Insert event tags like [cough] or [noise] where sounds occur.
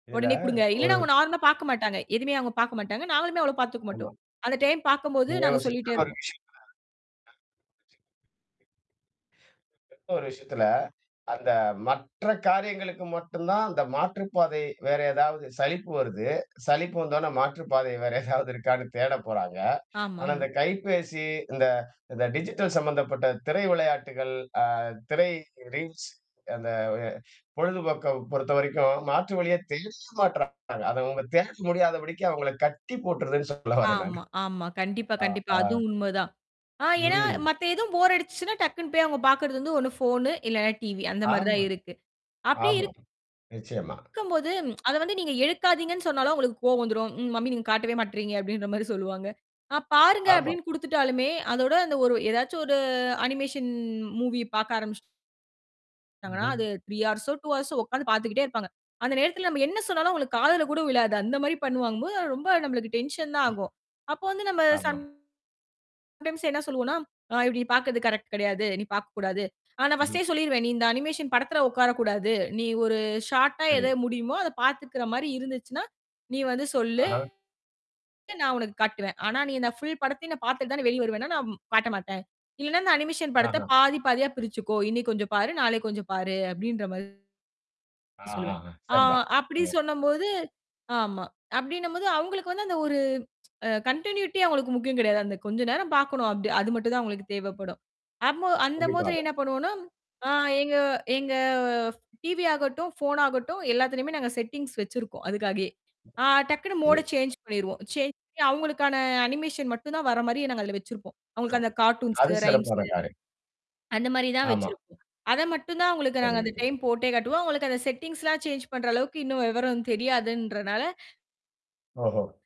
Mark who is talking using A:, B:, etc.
A: இதுல
B: உடனே குடுங்க.
A: ஒரு
B: இல்லைன்னா அவங்க நார்மலா பார்க்கமாட்டாங்க. எதுவுமே அவங்க பார்க்கமாட்டாங்க. நாங்களுமே அவ்வளவு பாத்துக்க மாட்டோம்.
A: ஆமா.
B: அந்த டைம் பார்க்கும்போது
A: நீங்க
B: நாங்க
A: ஒரு
B: சொல்லீட்டே
A: ஸ்ட்ரிக்ட்டா ஒரு
B: இருப்போம்.
A: விஷயத்துல [unintelligible] ஒரு விஷயத்துல, அந்த மற்ற காரியங்களுக்கு மட்டும்தான் அந்த மாற்றுப்பாதை. வேற ஏதாவது சலிப்பு வருது. சலிப்பு வந்த ஒன்ன மாற்றுப்பாதை வேற [chuckles] ஏதாவது இருக்கான்னு தேடப் போறாங்க. ஆனா
B: ஆமாமா.
A: அந்தக் கைப்பேசி, இந்த இந்த டிஜிட்டல் சம்மந்தப்பட்ட திரை விளையாட்டுகள், அ திரை ரீல்ஸ் அந்தப் பொழுதுபோக்க பொறுத்தவரைக்கும் மாற்று வழியே தேடவே மாட்றாங்க. அத அவங்க தேட முடியாதபடிக்கு அவங்கள கட்டி போட்டுருதுன்னு சொல்ல வரேன் நான்.
B: ஆமா, ஆமா. கண்டிப்பா,
A: அ,
B: கண்டிப்பா.
A: ஆ.
B: அது உண்ம தான். ஆ ஏன்னா
A: ம்.
B: மத்த எதுவும் போர் அடிச்சுச்சுன்னா, டக்குன்னு போய் அவங்க பார்க்குறது வந்து ஒண்ணு ஃபோனு, இல்லைன்னா டிவி அந்த மாரி தான்
A: ஆமா.
B: இருக்கு. அப்படி
A: ஆமா.
B: இருக்
A: நிச்சயமா.
B: கும்போது, அத வந்து நீங்க எடுக்காதீங்கன்னு சொன்னாலும் அவங்களுக்குக் கோவம் வந்துரும். "ம் மம்மி நீங்க காட்டவே மாட்டேறீங்க." அப்படீன்ற மாரி சொல்லுவாங்க. "அ பாருங்க"
A: ஆமா.
B: அப்படீன்னு குடுத்துட்டாலுமே, அதோட அந்த ஒரு ஏதாச்சும் ஒரு அனிமேஷன் மூவிய பார்க்க ஆரம்பிச்சுட்டா
A: ம்.
B: ங்கனா
A: ம்.
B: அது 3 ஹார்ஸோ, 2 ஹார்ஸோ உக்காந்து பார்த்துக்கிட்டே இருப்பாங்க. அந்த நேரத்துல நம்ப என்ன சொன்னாலும் அவங்களுக்குக் காதுல கூட விழாது. அந்த மாதிரி பண்ணுவாங்கம் போது, அது ரொம்ப நம்பளுக்கு டென்ஷன் தான்
A: அ,
B: ஆகும். அப்போ வந்து நம்ம
A: ஆமா.
B: சம்டைம்ஸ் என்ன சொல்லுவோம்ன்னா, அ இப்படி பார்க்குறது கரெக்ட் கெடையாது. நீ பார்க்கக் கூடாது. ஆனா
A: ம்ஹ்ம்.
B: ஃபர்ஸ்ட்டே சொல்லீருவேன், "நீ இந்த அனிமேஷன் படத்துல உட்கார கூடாது. நீ ஒரு ஷார்ட்டா எத
A: சரி.
B: முடியுமோ அதப் பாத்துக்குற மாதிரி இருந்துச்சுன்னா, நீ வந்து சொல்லு
A: அஹா.
B: நான் உனக்குக் காட்டுவேன். ஆனா நீ இந்தப் ஃபுல் படத்தையும் நான் பாத்துட்டு தான் நான் வெளிய வருவேன்னா, நான் காட்டமாட்டேன். இல்லைன்னா அந்த அனிமேஷன் படத்த
A: ஆஹா.
B: பாதி, பாதியா பிரிச்சுக்கோ. இன்னைக்கு கொஞ்சம் பாரு. நாளைக்கு கொஞ்சம் பாரு." அப்படீன்ற மாரி சொல்லுவேன்.
A: ஆஹாஹா.
B: ஆ
A: சரி தான்.
B: அப்படி
A: அ.
B: சொன்னம்போது ஆமா. அப்படீன்னும் போது அவங்களுக்கு வந்து அந்த ஒரு அ கன்டினியூட்டி அவங்களுக்கு முக்கியம் கெடையாது. அந்தக் கொஞ்ச நேரம் பாக்கணும். அப்படி அது மட்டும் தான் அவங்களுக்கு தேவைப்படும். அம்மோ அந்த மாதிரி
A: கண்டிப்பாக.
B: என்ன பண்ணுவோம்ன்னா ஆ எங்க எங்க ஃப் டிவி ஆகட்டும், ஃபோன் ஆகட்டும் எல்லாத்துலயுமே நாங்க செட்டிங்ஸ் வச்சிருக்கோம் அதுக்காகயே. ஆ டக்குன்னு மோட
A: ம்.
B: சேஞ்ச் பண்ணீருவோம். சேஞ்ச் பண்ணி அவங்களுக்கான அனிமேஷன் மட்டும் தான் வர்ற மாரி நாங்க அதுல வச்சிருப்போம்.
A: [unintelligible] ஓ!
B: அவங்களுக்கு அந்த கார்ட்டூன்ஸு,
A: அது சிறப்பான
B: ரைம்ஸு
A: காரியம்.
B: அந்த மாரி தான்
A: ஆமா.
B: வச்சிருப்போம். அத மட்டும் தான் அவங்களுக்கு நாங்க அந்த
A: சரி.
B: டைம் போட்டே காட்டுவோம். அவங்களுக்கு அந்த செட்டிங்ஸ் எல்லாம் சேஞ்ச் பண்ற அளவுக்கு இன்னும் விவரம் தெரியாதுன்றனால
A: ஓஹோ.